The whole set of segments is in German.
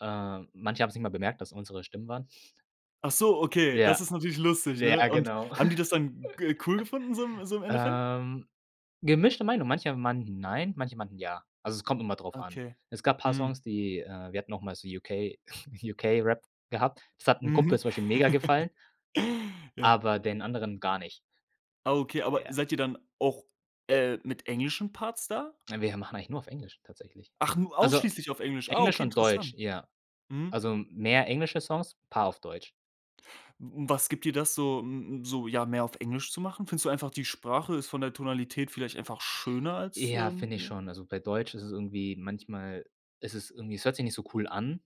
Äh, manche haben's nicht mal bemerkt, dass es unsere Stimmen waren. Ach so, okay, das Ja. ist natürlich lustig, ne? Ja, Und genau. haben die das dann g cool gefunden so im so im Endeffekt? Ähm, gemischte Meinung, manche meinten nein, manche meinten ja, also, es kommt immer drauf an. Okay, Es gab paar mhm. Songs, die äh, wir hatten auch mal so UK UK-Rap gehabt, das hat 'n Kumpel Mhm. zum Beispiel mega gefallen Ja. aber den anderen gar nicht. Ah okay, aber Ja. seid ihr dann auch, äh, mit englischen Parts da? Na, wir machen eigentlich nur auf Englisch tatsächlich, Ach, nur also ausschließlich auf Englisch. Ah, Englisch okay, und Deutsch, interessant. ja Mhm. also mehr englische Songs, paar auf Deutsch. W was gibt dir das so m m so ja, mehr auf Englisch zu machen? Findest du einfach, die Sprache ist von der Tonalität vielleicht einfach schöner als Ja, ähm, finde ich ja? schon. Also bei Deutsch ist es irgendwie manchmal es ist irgendwie es hört sich nicht so cool an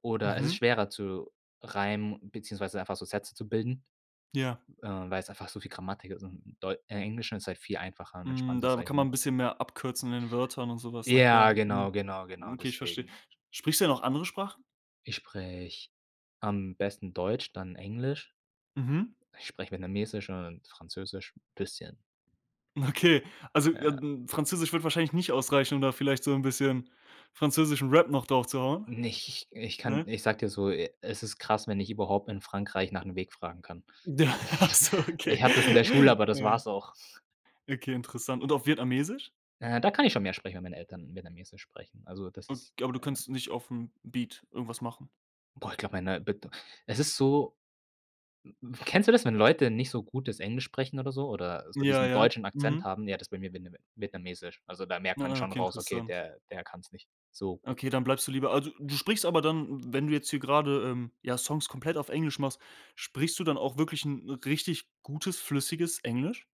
oder es ist Mhm. schwerer zu reimen beziehungsweise einfach so Sätze zu bilden, Ja. äh, weil's einfach so viel Grammatik ist und deu äh, Englisch ist halt viel einfacher und Mhm, entspannter, da sage ich kann man mal. 'n bisschen mehr abkürzen in den Wörtern und so was. Na Ja, klar, mhm, genau, genau, genau okay, ich verstehe. deswegen. Sprichst du denn noch andere Sprachen? Ich spreche am besten Deutsch, dann Englisch. Mhm. Ich spreche Vietnamesisch und Französisch 'n bisschen. Okay, also, äh, Ja. n Französisch würde wahrscheinlich nicht ausreichen, um da vielleicht so 'n bisschen französischen Rap noch draufzuhauen, Nicht, ich ich kann ne? ich sage dir so, es ist krass, wenn ich überhaupt in Frankreich nach 'm Weg fragen kann. Ach so, okay. Ich hatte es in der Schule, aber das Ja. war's auch. Okay, interessant. Und auf Vietnamesisch? Äh, da kann ich schon mehr sprechen, weil meine Eltern Vietnamesisch sprechen. Also das Ab ist, aber du äh kannst nicht auf'm Beat irgendwas machen? Boah, ich glaube, meine Bet Es ist so kennst du das, wenn Leute nicht so gutes Englisch sprechen oder so oder so Ja, diesen ja, deutschen Akzent mhm. haben? Ja, das ist bei mir Vietname Vietnamesisch. Also da merkt man Ah, schon okay, raus: „Okay, interessant. der der kann's nicht so gut.” Okay, dann bleibst du lieber also du sprichst aber dann wenn du jetzt hier grade, ähm, ja, Songs komplett auf Englisch machst, sprichst du dann auch wirklich 'n richtig gutes, flüssiges Englisch?